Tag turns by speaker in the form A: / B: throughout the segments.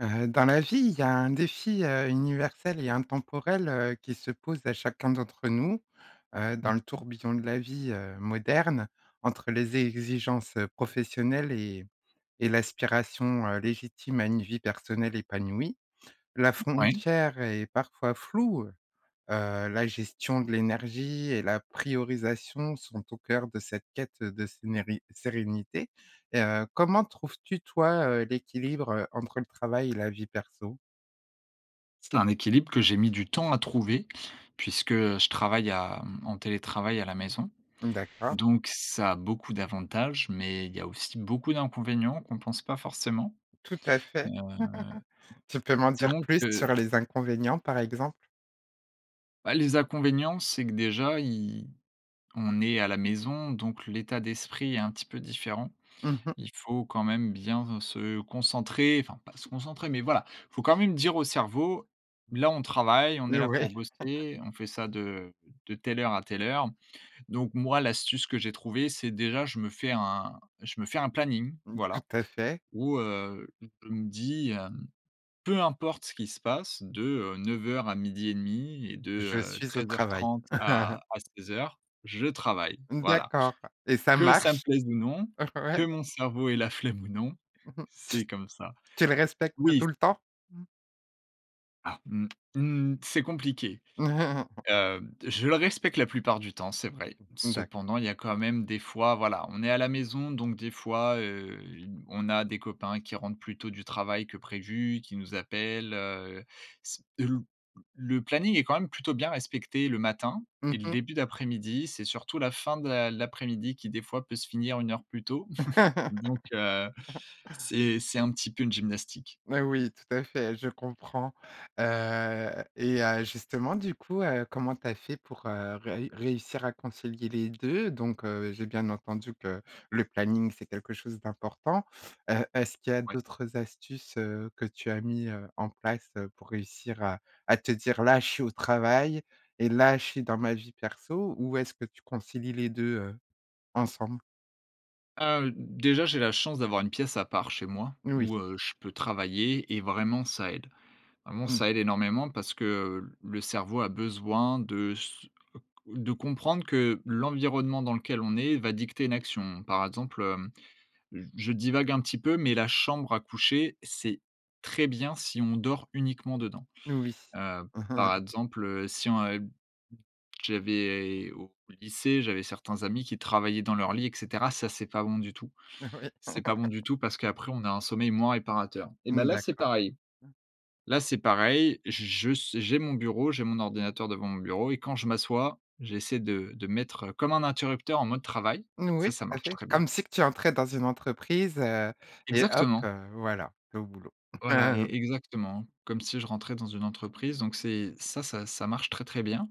A: Heu, dans la vie, il y a un défi, heu, universel et intemporel, heu, qui se pose à chacun d'entre nous, heu,
B: Mmh
A: dans le
B: mh.
A: tourbillon de la vie, heu, moderne. Entre les exigences professionnelles et et l'aspiration, heu, légitime à une vie personnelle épanouie. La
B: Ouais.
A: frontière est parfois floue, heu heu, la gestion de l'énergie et la priorisation sont au cœur de cette quête de sénéri sérénité et heu, comment trouves-tu toi, heu, l'équilibre entre le travail et la vie perso?
B: C'est un équilibre que j'ai mis du temps à trouver, puisque je travaille à, hem, en télétravail à la maison.
A: D'accord.
B: Donc, ça a beaucoup d'avantages, mais il y a aussi beaucoup d'inconvénients qu'on pense pas forcément.
A: Tout à fait. Tu peux
B: Heu,
A: m'en dire
B: donc
A: plus
B: heu
A: sur les inconvénients, par exemple?
B: bah, les inconvénients, c'est que déjà y on est à la maison, donc l'état d'esprit est un petit peu différent.
A: Mmh mh.
B: Il faut quand même bien se concentrer, enfin pas se concentrer, mais voilà, il faut quand même dire au cerveau: «Là, on travaille, on est
A: Heu,
B: là
A: ouais.
B: pour bosser, on fait ça de de telle heure à telle heure». Donc moi, l'astuce que j'ai trouvé, c'est déjà, je me fais un je me fais un planning,
A: Tout
B: voilà,
A: à fait.
B: où, heu, je me dis heu: «Peu importe ce qui se passe de, heu, 9:00 à 12:30 et de,
A: Je
B: heu,
A: suis au
B: treize heures
A: travail.
B: trente à à 16:00 je travaille». Voilà,
A: D'accord et ça
B: que ça me
A: marche?
B: plaise ou non,
A: Ouais.
B: que mon cerveau ait la flemme ou non,
A: Tu
B: c'est comme ça.
A: tu le respectes
B: Oui c
A: tout le temps? Mmh.
B: Ah, mmh mh. C'est compliqué. Heu, je le respecte la plupart du temps, c'est vrai.
A: D'accord.
B: Cependant, il y a quand même des fois, voilà, on est à la maison, donc des fois, heu, y on a des copains qui rentrent plus tôt du travail que prévu, qui nous appellent, heu. S une le planning est quand même plutôt bien respecté le matin et
A: Mmh
B: le
A: mh.
B: début d'après-midi. C'est surtout la fin de l'a l'après-midi qui, des fois, peut se finir 1 heure plus tôt. Donc heu, c'est c'est un petit peu une gymnastique.
A: Mais oui, tout à fait, je comprends. Heu et heu, justement du coup, heu, comment tu as fait pour, heu, réu réussir à concilier les 2? Donc heu, j'ai bien entendu que le planning, c'est quelque chose d'important, heu, est-ce qu'il y a
B: Ouais.
A: d'autres astuces, heu, que tu as mis, heu, en place pour réussir à à te dire: «Là, je suis au travail et là, je suis dans ma vie perso»? Où est-ce que tu concilies les 2, heu, ensemble?
B: Heu, d déjà, j'ai la chance d'avoir une pièce à part, chez moi,
A: Oui.
B: où, heu, je peux travailler et vraiment ça aide. Vraiment,
A: Mmh.
B: ça aide énormément parce que le cerveau a besoin de s de comprendre que l'environnement dans lequel on est va dicter une action. Par exemple, heu, je divague un petit peu, mais la chambre à coucher, c'est très bien si on dort uniquement dedans.
A: Oui.
B: Heu, par exemple, heu, si on ub j'avais au lycée, j'avais certains amis qui travaillaient dans leur lit et cetera. Ça, c'est pas bon du tout.
A: Heu, oui.
B: C'est pas bon du tout parce qu'après, on a un sommeil moins réparateur et ben
A: Mmh,
B: là, c'est
A: d'accord.
B: pareil. Là, c'est pareil. J je su j'ai mon bureau, j'ai mon ordinateur devant mon bureau et quand je m'assois, j'essaie de de mettre comme un interrupteur en mode travail.
A: N
B: Ça
A: oui,
B: ça
A: tout à
B: marche
A: fait.
B: très bien.
A: Comme si que tu entrais dans une entreprise et hop,
B: Exactement.
A: heu, voilà, tu es au boulot.
B: Voilà, é exactement, comme si je rentrais dans une entreprise. Donc c'est ça ça, ça marche très, très bien.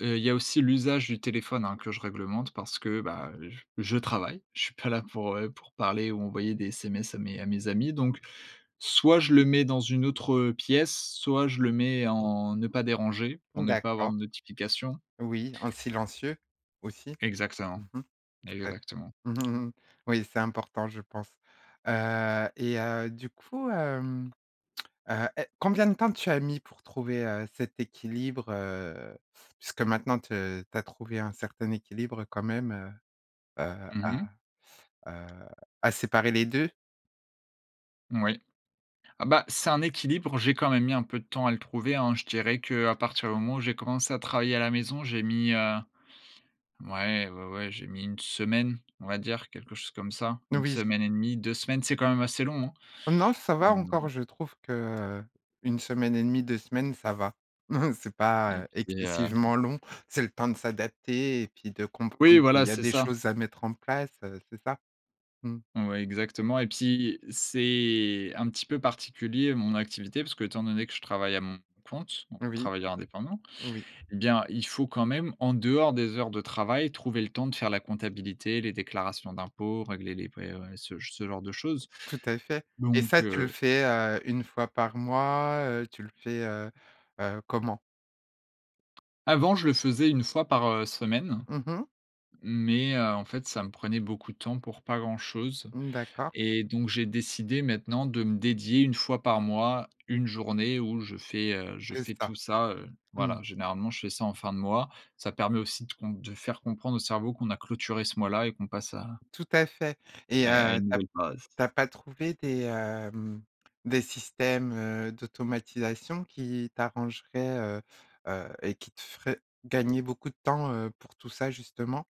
B: Heu, il y a aussi l'usage du téléphone, hein, que je réglemente parce que, bah, j je travaille. Je suis pas là pour, heu, pour parler ou envoyer des SMS à mes à mes amis. Donc soit je le mets dans une autre pièce, soit je le mets en, ne pas déranger, pour ne pas avoir
A: D'accord.
B: de notification.
A: Oui, en silencieux, aussi.
B: Exactement,
A: Mmh mh, tout à fait.
B: exactement.
A: Oui, c'est important, je pense. Heu et heu, du coup, hem, heu, è combien de temps tu as mis pour trouver, heu, cet équilibre, heu, puisque maintenant, tu tu as trouvé un certain équilibre quand même, heu heu,
B: Mmh
A: à,
B: mh.
A: heu, à séparer les 2?
B: Oui. Ah, bah, c'est un équilibre. J'ai quand même mis un peu de temps à le trouver, hein, je dirais qu'à partir du moment où j'ai commencé à travailler à la maison, j'ai mis, heu, ouais, ouais, ouais, j'ai mis 1 semaine, on va dire, quelque chose comme ça, 1
A: Oui.
B: semaine et demi, 2 semaines, c'est quand même assez long.
A: Non, ça va
B: Hem.
A: encore, je trouve que 1 semaine et demi, 2 semaines ça va. C'est
B: Et
A: pas
B: puis heu
A: excessivement long, c'est le temps de s'adapter et puis de
B: Oui,
A: comprendre qu'il
B: voilà,
A: y a
B: c'est
A: des
B: ça.
A: choses à mettre en place, heu, c'est ça? Mmh.
B: Ouais, exactement. Et puis, c'est un petit peu particulier mon activité, parce qu'étant donné que je travaille à mon compte, donc
A: Oui,
B: travailleur indépendant
A: oui.
B: et bien, il faut quand même en dehors des heures de travail, trouver le temps de faire la comptabilité, les déclarations d'impôts, régler les priori ce ce genre de choses.
A: Tout à fait. Et
B: Donc
A: ça, tu le
B: heu
A: fais, heu, 1 fois par mois? Heu, tu le fais, heu heu, comment?
B: Avant, je le faisais 1 fois par, heu, semaine.
A: Mmh mh.
B: Mais, heu, en fait, ça me prenait beaucoup de temps pour pas grand-chose
A: D'accord.
B: et donc, j'ai décidé maintenant de me dédier 1 fois par mois, 1 journée où je fais, heu, je
A: Que
B: fais
A: ça.
B: tout ça, heu,
A: mmh.
B: voilà. Généralement, je fais ça en fin de mois. Ça permet aussi de comp de faire comprendre au cerveau qu'on a clôturé ce mois-là et qu'on passe à
A: Tout à fait, et
B: à à
A: heu, tu
B: une
A: as p
B: nouvelle phase.
A: tu as pas trouvé des, hem, des systèmes, heu, d'automatisation qui t'arrangeraient, heu heu et qui te feraient gagner beaucoup de temps, heu, pour tout ça justement?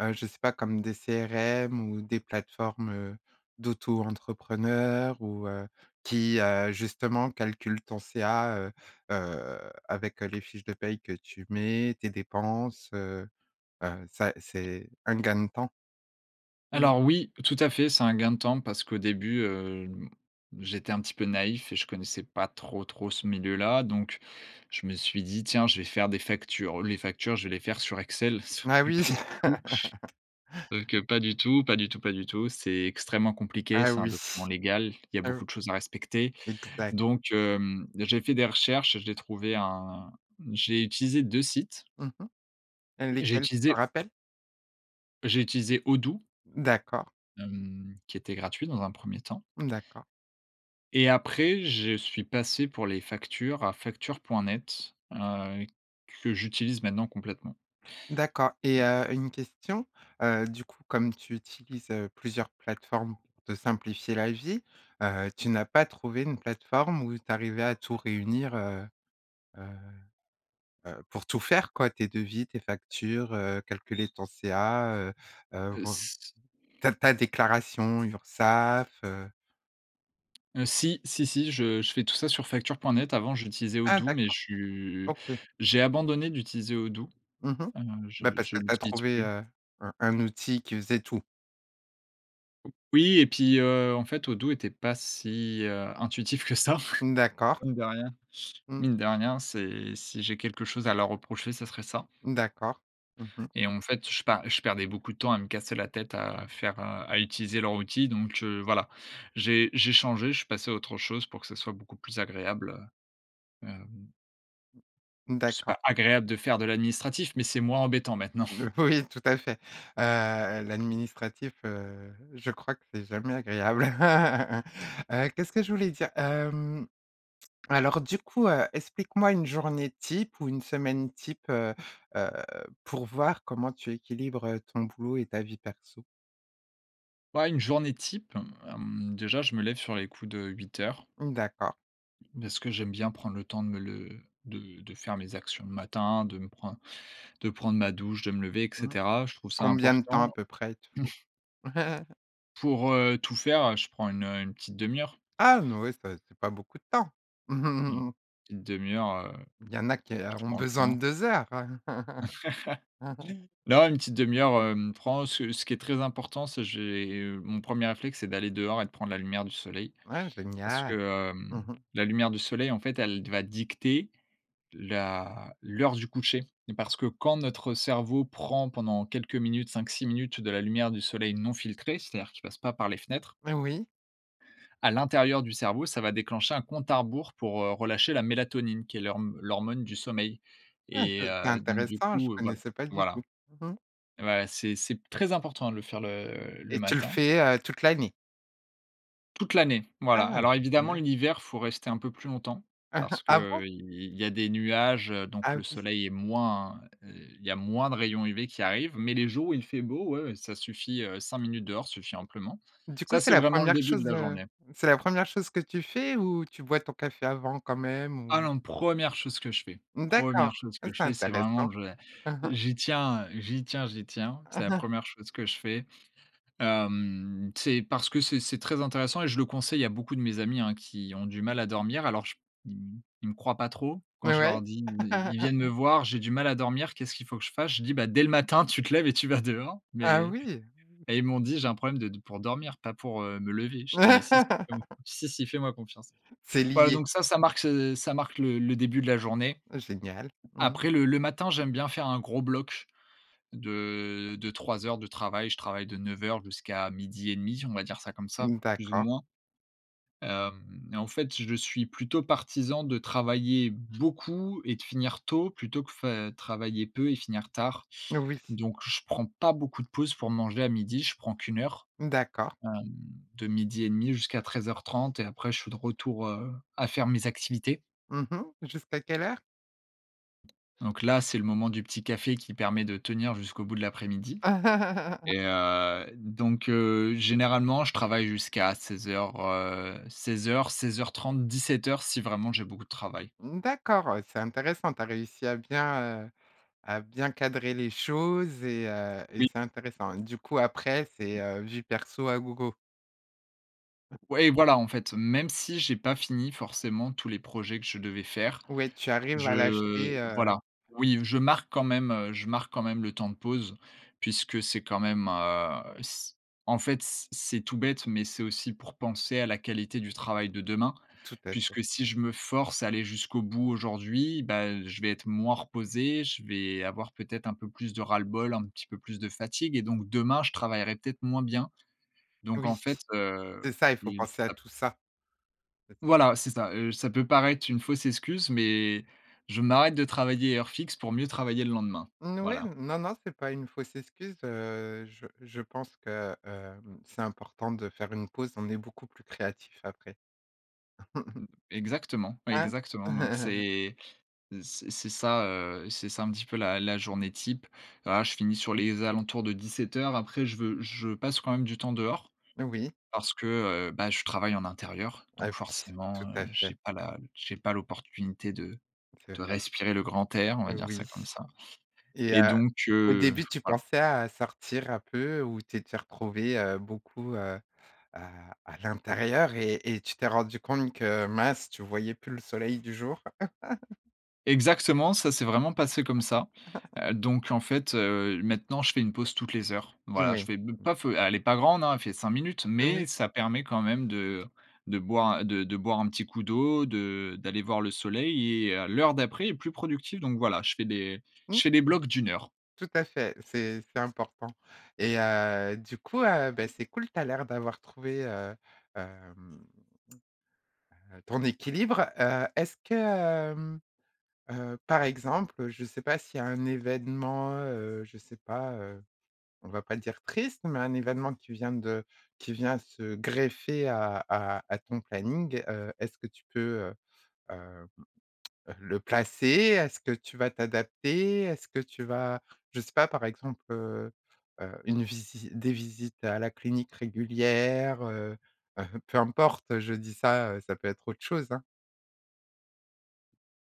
A: Heu, je sais pas, comme des CRM ou des plateformes d'auto-entrepreneurs ou, heu, qui, heu, justement, calculent ton CA, heu heu, avec les fiches de paie que tu mets, tes dépenses, heu heu, ça, c'est un gain de temps. [unintelligible]
B: Alors, oui, tout à fait, c'est un gain de temps parce qu'au début, heu, j'étais un petit peu naïf et je connaissais pas trop, trop ce milieu-là. Donc je me suis dit: «Tiens, je vais faire des factures, les factures, je vais les faire sur Excel». Sauf
A: Ah
B: que pas
A: oui.
B: du tout. Sauf que que pas du tout, pas du tout, pas du tout, c'est extrêmement compliqué,
A: Ah
B: c'est un
A: oui.
B: document légal, il y a
A: Heu
B: beaucoup de choses à respecter,
A: Exact.
B: donc hem, j'ai fait des recherches, j'ai trouvé un j'ai utilisé 2 sites
A: Mmh mh.
B: j'ai
A: Lesquels, tu t'en
B: utilisé
A: rappelles?
B: j'ai utilisé Odoo
A: D'accord.
B: hem, qui était gratuit dans un 1er temps.
A: D'accord.
B: Et après, je suis passé pour les factures à facture.net heu, que j'utilise maintenant complètement.
A: D'accord et heu, une question, heu, du coup comme tu utilises, heu, plusieurs plateformes pour te simplifier la vie, heu, tu n'as pas trouvé une plateforme où tu arrivais à tout réunir, heu heu heu, pour tout faire quoi tes devis, tes factures, heu, calculer ton CA, heu heu,
B: Heu,
A: voi
B: c'
A: ta ta déclaration Urssaf, heu
B: Heu si. Si, si. Je je fais tout ça sur facture.net, avant j'utilisais
A: Ah
B: Odoo, mais
A: d'accord.
B: je
A: OK.
B: j'ai abandonné d'utiliser Odoo.
A: Mmh mh.
B: Heu heu, je
A: Bah parce
B: je
A: que tu as
B: l'utilise
A: trouvé,
B: plus.
A: heu heu, un outil qui faisait tout.
B: Oui et puis, heu, en fait Odoo était pas si, heu, intuitif que ça,
A: Mmh d'accord.
B: mine de rien.
A: Mmh.
B: Mine de rien, c'est si j'ai quelque chose à leur reprocher, ça serait ça
A: Mmh d'accord. Mmh mh.
B: et en fait, je pars je perdais beaucoup de temps à me casser la tête, à faire, heu, à utiliser leur outil. Donc, heu, voilà. J'ai j'ai changé. Je suis passé à autre chose pour que ce soit beaucoup plus agréable, heu, hem
A: Mmh
B: c'est
A: d'accord.
B: pas agréable de faire de l'administratif, mais c'est moins embêtant maintenant.
A: Le oui tout à fait. Heu, l'administratif, heu, je crois que c'est jamais agréable. Heu, qu'est-ce que je voulais dire? Hem. Alors du coup, heu, explique-moi une journée type ou une semaine type, heu heu, pour voir comment tu équilibres, heu, ton boulot et ta vie perso.
B: Bah une journée type. Hem, déjà je me lève sur les coups de 8:00
A: Mmh d'accord.
B: beh, ce que j'aime bien prendre le temps de me le de de faire mes actions le matin, de me prendre de prendre ma douche, de me lever et
A: Mmh.
B: cetera. Je trouve ça
A: Combien de temps
B: importan
A: à peu près il te faut?
B: Pour, heu, tout faire, heu, je prends une, heu, une petite demi-heure.
A: Ah non ouais, c'est pas c'est pas beaucoup de temps.
B: Une une demi-heure, heu,
A: Il y en a qui
B: je
A: a ont
B: prends le
A: besoin de
B: temps.
A: 2 heures.
B: Non, une petite demi-heure, hem, prend, ce ce qui est très important, c'est j'ai, hem, mon premier réflexe, c'est d'aller dehors et de prendre la lumière du soleil.
A: Ah
B: Parce
A: génial.
B: que,
A: Mmh
B: hem,
A: mh.
B: la lumière du soleil, en fait, elle va dicter la l'heure du coucher, et parce que quand notre cerveau prend pendant quelques minutes, 5-6 minutes de la lumière du soleil non filtré. C'est-à-dire qui passe pas par les fenêtres
A: Mais oui.
B: à l'intérieur du cerveau, ça va déclencher un compte à rebours pour, heu, relâcher la mélatonine qui est l'horm l'hormone du sommeil
A: Ah ce
B: et
A: c'est
B: heu, donc du
A: intéressant. Je
B: coup voilà.
A: connaissais pas du
B: Voilà.
A: tout, mmh mh.
B: Ouais, c'est c'est p très important de le faire le le
A: Et tu le
B: matin.
A: fais, heu, toute l'année?
B: Toute l'année. Voilà,
A: Ah
B: alors évidemment
A: génial.
B: l'hiver, faut rester un peu plus longtemps. Parce que,
A: Ah bon?
B: heu, il il y a des nuages, donc
A: Ah
B: le
A: oui.
B: soleil est moins, heu, il y a moins de rayons UV qui arrivent. Mais les jours où il fait beau, ouais, ouais, ça suffit, heu, 5 minutes dehors suffit amplement.
A: Du coup
B: Ça,
A: c'est
B: c'est
A: la
B: vraiment le
A: 1re
B: début de
A: chose,
B: la
A: heu,
B: journée.
A: c'est la 1re chose que tu fais, ou tu bois ton café avant quand même
B: Ah
A: ou?
B: non, 1re chose que je fais.
A: Mmh d'accord.
B: 1re chose
A: Ah,
B: que je
A: c'est
B: fais. C'est vraiment,
A: intéressant.
B: j'ai j'y tiens, heu, j'y tiens, j'y tiens. C'est la 1re chose que je fais. Hem, c'est parce que c'est c'est très intéressant et je le conseille à beaucoup de mes amis hein, qui ont du mal à dormir. Alors je p ils ils me croient pas trop quand
A: Ouais,
B: je
A: ouais.
B: leur dis. Ils ils viennent me voir, j'ai du mal à dormir. Qu'est-ce qu'il faut que je fasse? Je dis: «Bah dès le matin, tu te lèves et tu vas dehors».
A: Ah
B: Mais
A: oui.
B: mais ils m'ont dit: «J'ai un problème de de pour dormir, pas pour, heu, me lever». Je dis: «Mais si, si, hem, si, si, si fais-moi confiance».
A: C'est
B: Voilà
A: lié.
B: donc ça, ça marque se ça marque le le début de la journée.
A: Ah génial. Mmh.
B: Après le le matin j'aime bien faire un gros bloc de de 3 heures de travail, je travaille de 9:00 jusqu'à 12:30 on va dire ça comme ça,
A: Mmh,
B: plus ou
A: d'accord.
B: moins. Hem, et en fait, je suis plutôt partisan de travailler beaucoup et de finir tôt, plutôt que fai travailler peu et finir tard.
A: Oui.
B: Donc, je prends pas beaucoup de pause pour manger à midi. Je prends qu'1 heure.
A: Mmh, d'accord.
B: Hem, de 12:30 jusqu'à 13:30 et après je suis de retour, heu, à faire mes activités
A: Mmh mh. Jusqu'à quelle heure?
B: donc là, c'est le moment du petit café qui permet de tenir jusqu'au bout de l'après-midi, et heu, donc heu, généralement, je travaille jusqu'à 16:00, heu, 16:00-16:30-17:00 si vraiment j'ai beaucoup de travail.
A: Mmh d'accord. Heu, c'est intéressant, tu as réussi à bien, heu, à bien cadrer les choses et heu, et
B: Oui.
A: c'est intéressant. Du coup après, c'est heu, vie perso à gogo?
B: Ouais et voilà en fait, même si j'ai pas fini forcément tous les projets que je devais faire,
A: Ouais, tu arrives à
B: je
A: lâcher, heu
B: voilà oui, je marque quand même, heu, je marque quand même le temps de pause, puisque c'est quand même, heu, c en fait, c'est c'est tout bête, mais c'est aussi pour penser à la qualité du travail de demain.
A: Tout à fait.
B: Puisque si je me force à aller jusqu'au bout aujourd'hui, bah, heu, je vais être moins reposé, je vais avoir peut-être un peu plus de ras-le-bol, un petit peu plus de fatigue et donc demain je travaillerai peut-être moins bien. Donc en
A: Oui.
B: fait heu
A: C'est ça, il faut
B: et,
A: penser à
B: ap
A: tout ça. [unintelligible]
B: Voilà, c'est ça. Heu, ça peut paraître une fausse excuse, mais, je m'arrête de travailler à heure fixe pour mieux travailler le lendemain,
A: N oui.
B: voilà.
A: Non, non, c'est pas une fausse excuse. Heu, je je pense que, hem, c'est important de faire une pause, on est beaucoup plus créatif après.
B: Mmh. Exactement,
A: Hein?
B: exactement. Donc c'est c'est c'est ça, heu, c'est ça un petit peu la la journée type. Ah, je finis sur les alentours de 17:00. Après, je veux je passe quand même du temps dehors.
A: Oui.
B: Parce que, heu, bah, je travaille en intérieur.
A: Ah
B: Donc
A: oui,
B: forcément,
A: tout
B: heu,
A: à fait.
B: j'ai pas la j'ai pas l'opportunité de
A: C'est
B: de
A: vrai.
B: respirer le grand air, on va
A: Heu,
B: dire ça
A: oui,
B: comme ça
A: et
B: et
A: heu,
B: donc,
A: au
B: heu,
A: début tu
B: voilà.
A: pensais à sortir un peu ou tu es tu es retrouvé, heu, beaucoup, heu, à à l'intérieur et et tu t'es rendu compte que, mince, tu voyais plus le soleil du jour?
B: Exactement, ça s'est vraiment passé comme ça. Heu, donc en fait, heu, maintenant je fais une pause toutes les heures. Voilà, je
A: Oui.
B: fais be pas feu, elle est pas grande hein, elle fait 5 minutes, mais
A: Oui.
B: ça permet quand même de de boire, de de boire un petit coup d'eau, de d'aller voir le soleil et à l'heure d'après est plus productive. Donc voilà, je fais des je
A: Mmh.
B: fais des blocs d'1 heure.
A: Tout à fait, c'est c'est important et heu du coup, heu, bah c'est cool, tu as l'air d'avoir trouvé, heu, hem, heu, ton équilibre. Heu, est-ce que, hem, heu, par exemple, je sais pas s'il y a un événement, heu, je sais pas, heu, on va pas dire triste, mais un événement qui vient de qui vient se greffer à à à ton planning. Heu, est-ce que tu peux, heu heu heu, le placer? Est-ce que tu vas t'adapter? Est-ce que tu vas? Je sais pas, par exemple, heu heu, une visi des visites à la clinique régulière? Heu heu, peu importe, je dis ça, heu, ça peut être autre chose hein.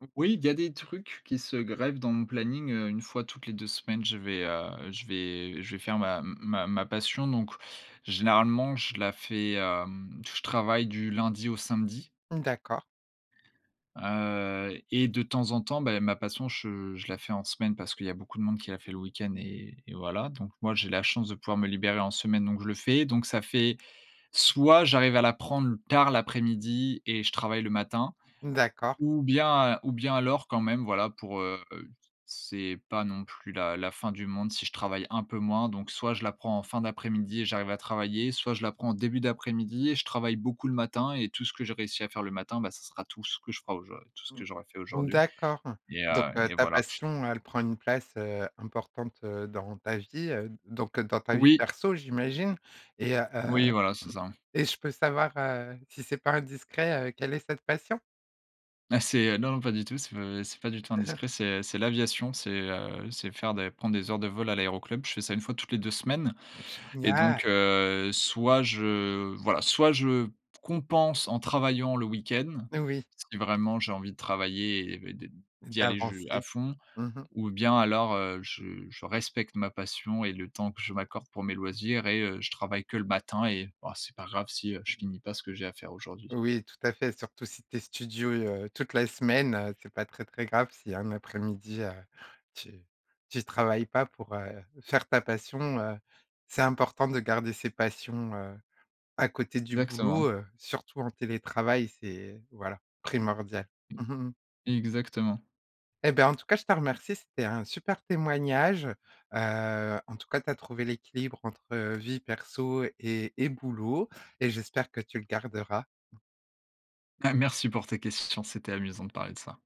B: Mmh, oui il y a des trucs qui se greffent dans mon planning, heu, 1 fois toutes les 2 semaines. Je vais, heu, je vais je vais faire ma ma ma passion. Donc généralement, je la fais, hem, je travaille du lundi au samedi
A: D'accord.
B: heu, et de temps en temps, beh ma passion, je je la fais en semaine, parce qu'il y a beaucoup de monde qui l'a fait le week-end et et voilà. Donc moi, j'ai la chance de pouvoir me libérer en semaine, donc je le fais. Donc ça fait, soit j'arrive à la prendre tard l'après-midi, et je travaille le matin.
A: D'accord.
B: Ou bien ou bien alors quand même, voilà, pour, heu c'est pas non plus la la fin du monde si je travaille un peu moins. Donc soit je la prends en fin d'après-midi et j'arrive à travailler, soit je la prends en début d'après-midi et je travaille beaucoup le matin et tout ce que j'ai réussi à faire le matin, bah ça sera tout ce que je fera aujour tout ce
A: Mmh
B: que j'aurai fait aujourd'hui
A: d'accord,
B: et
A: donc,
B: heu
A: heu,
B: et
A: ta
B: voilà.
A: passion, elle prend une place, heu, importante, heu, dans ta vie. Heu, donc, heu, dans ta vie
B: Oui.
A: perso, j'imagine et heu heu,
B: Oui voilà, c'est ça.
A: et je peux savoir, heu, si c'est pas indiscret, heu, quelle est cette passion?
B: Mais, c'est, heu non, non, pas du tout, c'est pas c'est pas du tout indiscret. C'est, heu, c'est l'aviation. C'est, heu, c'est faire des prendre des heures de vol à l'aéroclub. Je fais ça une fois toutes les 2 semaines
A: Bah
B: et donc,
A: génial.
B: heu, soit je voilà, soit je compense en travaillant le week-end.
A: Oui.
B: Si vraiment j'ai envie de travailler et de de d'y aller je à
A: D'avancer.
B: fond
A: Mmh mh.
B: ou bien alors, heu, je je respecte ma passion et le temps que je m'accorde pour mes loisirs et heu, je travaille que le matin et ah c'est pas grave si, heu, je
A: Mmh mh.
B: finis pas ce que j'ai à faire aujourd'hui.
A: Oui, tout à fait, surtout si tu es studieux toute la semaine, heu, c'est pas très, très grave si un après-midi, heu, tu tu travailles pas pour, heu, faire ta passion, heu. C'est important de garder ses passions, heu, à côté du boulot,
B: Excellent
A: heu, surtout en télétravail, c'est, voilà, primordial.
B: Exactement.
A: Eh ben, en tout cas, je te remercie, c'était un super témoignage. Heu, en tout cas, tu as trouvé l'équilibre entre heu, vie perso et et boulot et j'espère que tu le garderas.
B: Bah merci pour tes questions, c'était amusant de parler de ça.